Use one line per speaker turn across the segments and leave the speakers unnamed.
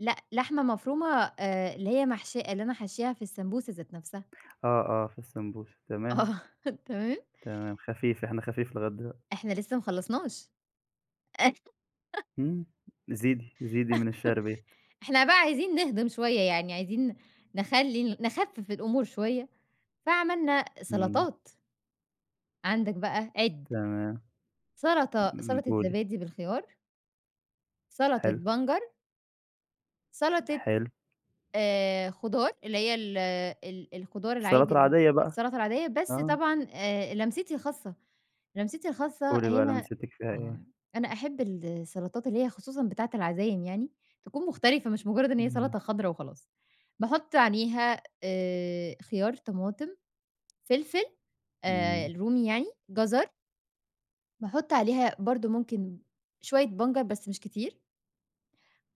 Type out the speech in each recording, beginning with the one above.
لأ لحمة مفرومة آآ اللي هي محشية اللي أنا حاشياها في السمبوسة ذات نفْسها.
آه، آه في السمبوسة تمام.
آه تمام.
تمام خفيف إحنا خفيف لغاية دلوقتي.
إحنا لسه ما خلّصناش
إمم زيدي زيدي من الشِعر بيت.
إحنا بقى عايزين نهضم شوية، يعني عايزين نخلّي ال نخفف الأمور شوية فعملنا
إمم.
سلطات عندك بقى عِد
تمام.
سلطة
إمم، إمم
سلطة
قولي.
زبادي بالخيار سلطة
حلو.
بنجر سلطة
حلو.
آآ خضار اللي هي ال ال الخضار
السلطة
العادي ال
العادية بقى.
السلطة العادية بس
آه.
طبعًا آآ لمستي الخاصة، لمستي الخاصة
قولي بقى
هنا
لمستِك فيها إيه؟
آه أنا أحب السلطات اللي هي خصوصًا بتاعة العزايم يعني، تكون مختلفة مش مجرّد إن هي
إمم.
سلطة خضرا وخلاص باحط عليها آآ خيار، طماطم، فلفل آآ
إمم.
الرومي يعني، جزر باحط عليها برضه ممكن شوية بنجر بس مش كتير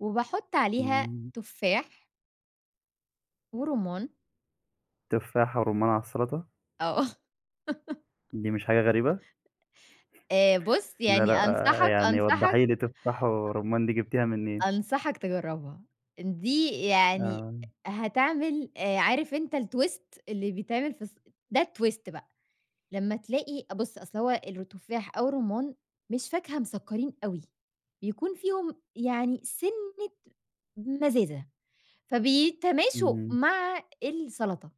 وباحط عليها
إمم.
تفاح ورُمّان.
تفاح ورُمان على السلطة!
آه.
دي مش حاجة غريبة؟
آآ بُص
لأ،
يعني
لأ
أنصحك،
يعني
أنصحك
وَضَّحِي لي تفاح ورُمان دي جبتيها منين؟
أنصحك تجرّبها إن دي يعني
آه.
هتعمل آآ عارف أنت الtwist اللي بيتعمل في الص ده الtwist بقى لمّا تلاقي أ بُص أصل هو الرو التفاح أو الرُمان مش فاكهة مسكرين أوي بيكون فيهم يعني سِنة مزازة فبيتماشوا
إمم.
مع السلطة.